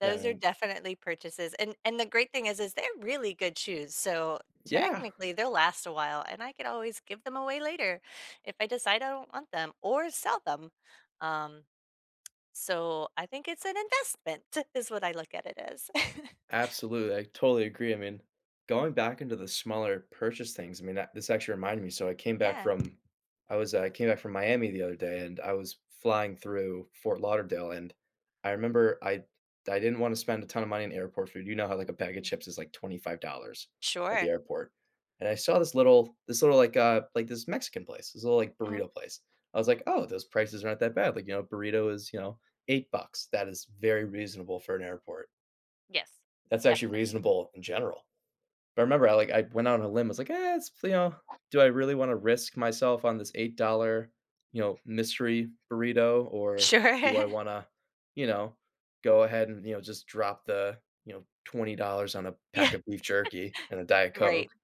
Those are definitely purchases, and and the great thing is, is they're really good shoes, so Yeah. technically, they'll last a while and I could always give them away later if I decide I don't want them or sell them, um so I think it's an investment is what I look at it as. Absolutely, I totally agree, I mean, going back into the smaller purchase things, I mean that this actually reminded me, so I came back Yeah. from, I was I came back from Miami the other day and I was flying through Fort Lauderdale and I remember I I didn't wanna spend a ton of money on airport food, you know how like a bag of chips is like $25 at the Sure. airport, and I saw this little this little like uh, like, this Mexican place, this little, like, Mhm. burrito place. I was like, "Oh, those prices aren't that bad," like, you know, a burrito is, you know, $8, that is very reasonable for an airport. Yes. That's actually Definitely. reasonable in general, but I remember I like I went out on a limb, I was like, "Eh, it's, you know, do I really wanna risk myself on this $8 you know, mystery burrito, or do I Sure. wanna, you know, go ahead and, you know, just drop the, you know, $20 on a pack Yeah. of beef jerky and a Diet Right, Coke,"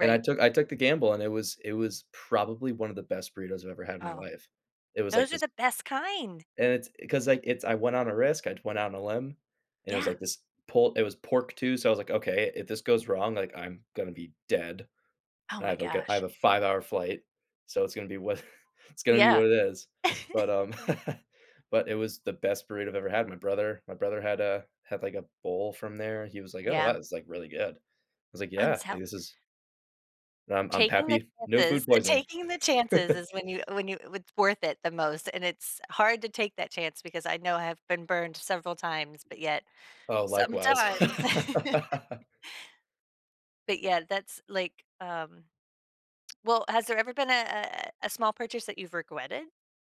and I took I took the gamble, and it was it was probably one of the best burritos I've ever had in my Oh, life. It was like those are this the best kind. and it's cause, like, it's I went on a risk, I went out on a limb, and it was Yeah. like this pull it was pork too, so I was like, "Okay, if this goes wrong, like, I'm gonna be dead, Oh and I my have like a I have gosh. a 5 hour flight, so it's gonna be wha it's gonna be Yeah. what it is," but, um, but it was the best burrito I've ever had, my brother my brother had a had like, a bowl from there, and he was like, "Oh wow, Yeah. it's like really good. I was like, I'm "Yeah, like, so this is" I'm I'm Taking the happy, no food chances poisoning. taking the chances is when you when you it's worth it the most and it's hard to take that chance because I know I have been burned several times, but yet, Oh, likewise. sometimes But yeah, that's like, um Well, has there ever been a a a a small purchase that you've regretted?